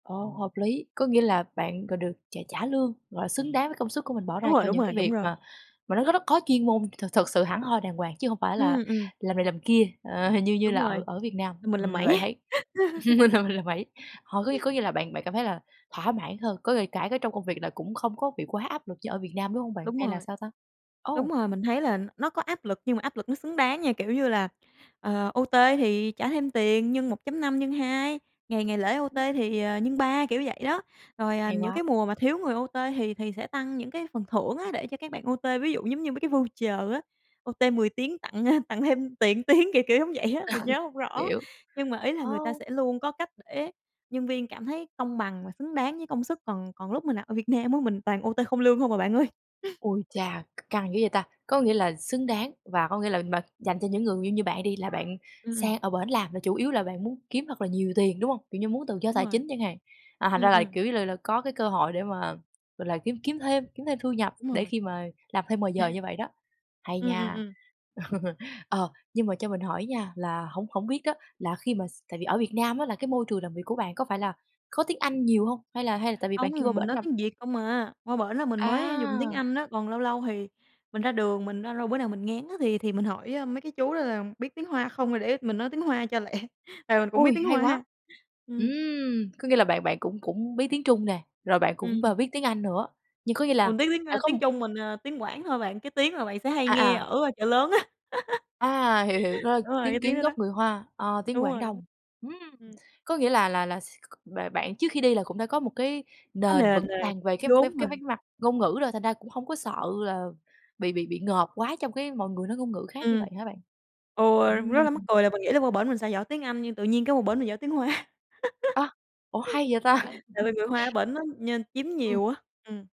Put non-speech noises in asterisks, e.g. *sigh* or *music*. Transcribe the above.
Ờ, hợp lý, có nghĩa là bạn đ được trả trả lương, gọi là, xứng đáng với công sức của mình bỏ Đúng ra rồi, cho đúng những rồi, cái đúng việc rồi. mà mà nó có rất có chuyên môn, thực thực sự hẳn hoi đàng hoàng, chứ hông phải là Ừm, ừm. làm này làm kia, ờ, như như Đúng là ở rồi, ở Việt Nam. làm mình Ừm, làm mẩy. lại thấy *laughs* *chuckles* mình làm mình làm mẩy. Họ có ng có nghĩa là bạn bạn cảm thấy là thỏa mãn hơn, có ng cả cái trong công việc là cũng không có bị quá áp lực như ở Việt Nam, đúng hông bạn? Đúng Hay là rồi. sao ta? Đúng Ô! rồi, mình thấy là nó có áp lực nhưng mà áp lực nó xứng đáng nha. Kiểu như là, ờ, OT thì trả thêm tiền nhân 1.5, nhân 2, ngày ngày lễ OT thì, à, nhân 3, kiểu vậy đó. Rồi, à, Hay những quá! cái mùa mà thiếu người OT thì thì sẽ tăng những cái phần thưởng á để cho các bạn OT, ví dụ giống như mấy cái voucher á, OT 10 tiếng tặng tặng thêm tiền tiếng, kiểu kiểu giống vậy á, mình nhớ hông *chuckles* rõ. Hiểu. Nhưng mà ý là người ta Ô! sẽ luôn có cách để nhân viên cảm thấy công bằng và xứng đáng với công sức. Còn còn lúc mình làm ở Việt Nam á, mình toàn OT không lương hông à bạn ơi. *chuckles* Ôi chà, c căng dữ vậy ta! Có nghĩa là xứng đáng và có nghĩa là bạn dành cho những người như như bạn đi, là bạn Ừm. sang ở bển làm là chủ yếu là bạn muốn kiếm thật là nhiều tiền, đúng hông? Kiểu như muốn tự do Đúng tài rồi. chính chẳng hạn, à, thành ra Ừm, là, ừm. kiểu như là là, có cái cơ hội để mà, gọi là, kiếm kiếm thêm kiếm thêm thu nhập Đúng để rồi. khi mà làm thêm ngoài À. giờ như vậy đó. Hay Ừm, ừm, nha! ừm. *chuckles* Ờ, nhưng mà cho mình hỏi nha, là hổng hổng biết á là khi mà s tại vì ở Việt Nam á là cái môi trường làm việc của bạn có phải là có tiếng Anh nhiều hông? Hay là hay là tại vì bạn Hông, kêu mình qua bển nói làm tiếng Việt không à, qua bển là mình mới dùng tiếng À! Anh á, còn lâu lâu thì mình ra đường mình ra lâu bữa nào mình ngán á thì thì mình hỏi, ơ, mấy cái chú đó là biết tiếng Hoa không rồi để mình nói tiếng Hoa cho lẹ, tại mình cũng biết Ôi, tiếng hay quá! Hoa, ừm. Ừm, có nghĩa là bạn bạn cũng cũng biết tiếng Trung nè, rồi bạn cũng b Ừm. biết tiếng Anh nữa, nhưng có nghĩa là Còn tiếng tiếng đã ơ, có m tiếng Trung mình, ờ, tiếng Quảng thôi bạn, cái tiếng mà bạn sẽ hay À, nghe à! ở Chợ Lớn á. *chuckles* À! Hiểu, hiểu. Nó là Đúng rồi, cái tiếng tiếng Kiến đó đó. gốc người Hoa, ờ, tiếng Đúng Quảng rồi. Đông. Ưm, Ừm. có nghĩa là là là s b bạn trước khi đi là cũng đã có một cái Có nền nền vững rồi, vàng về cái về vốn cái rồi. về mặt ngôn ngữ rồi, thành ra cũng hông có sợ là bị bị bị ngợp quá trong cái mọi người nói ngôn ngữ khác như Ừm. vậy hả bạn? Ừ, rất là mắc Ừm. cười là mình nghĩ là qua bển mình sẽ giỏi tiếng Anh, nhưng tự nhiên cái qua bển mình giỏi tiếng Hoa. A! Ủa, hay *chuckles* vậy ta! Tại vì người Hoa ở *chuckles* bển nó nhơn chiếm Ừm. nhiều á, ừm.